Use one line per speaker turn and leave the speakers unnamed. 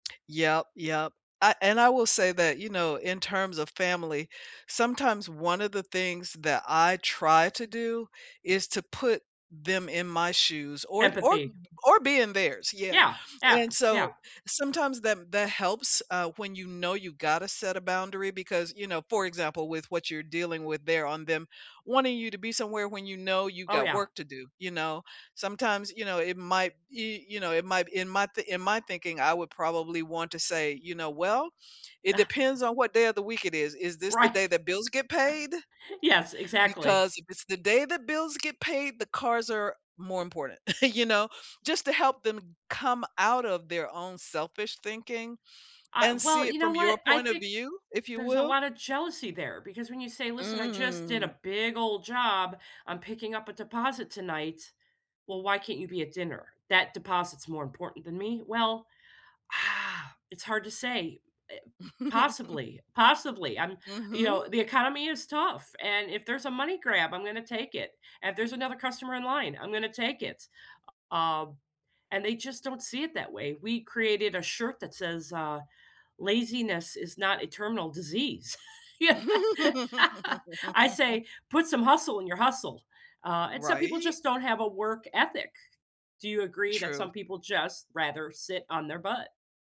Yep. Yep, uh, and I will say that, you know, in terms of family, sometimes one of the things that I try to do is to put them in my shoes, or t or
Empathy.
or be in theirs, yeah,
Yeah. Yeah.
and
Yeah.
so, sometimes that that helps, uh, when you know you gotta set a boundary because, you know, for example, with what you're dealing with there, on them wanting you to be somewhere when you know you
Oh,
got
yeah.
work to do, you know? Sometimes, you know, it might y you know, it might in my th in my thinking, I would probably want to say, you know, "Well, it depends on what day of the week it is, is this the
Right.
day that bills get paid?
Yes, exactly.
Because if it's the day that bills get paid, the cars are more important," you know? Just to help them come out of their own selfish thinking,
Ah,
and see
well,
it
you know
from your
what? I
point of
think
view, if you
there's a
will.
lotta jealousy there, because when you say, "Listen, I just did
Mm.
a big old job. I'm picking up a deposit tonight." "Well, why can't you be at dinner? That deposit's more important than me?" "Well, it's hard to say, eh, possibly, possibly, um, you
Mhm.
know, the economy is tough and if there's a money grab, I'm gonna take it, and, there's another customer in line, I'm gonna take it." U um, and they just don't see it that way. We created a shirt that says, uh, "Laziness is not a terminal disease," I say, "Put some hustle in your hustle," uh, and some people
Right?
just don't have a work ethic. Do you agree that
True.
some people just rather sit on their butt?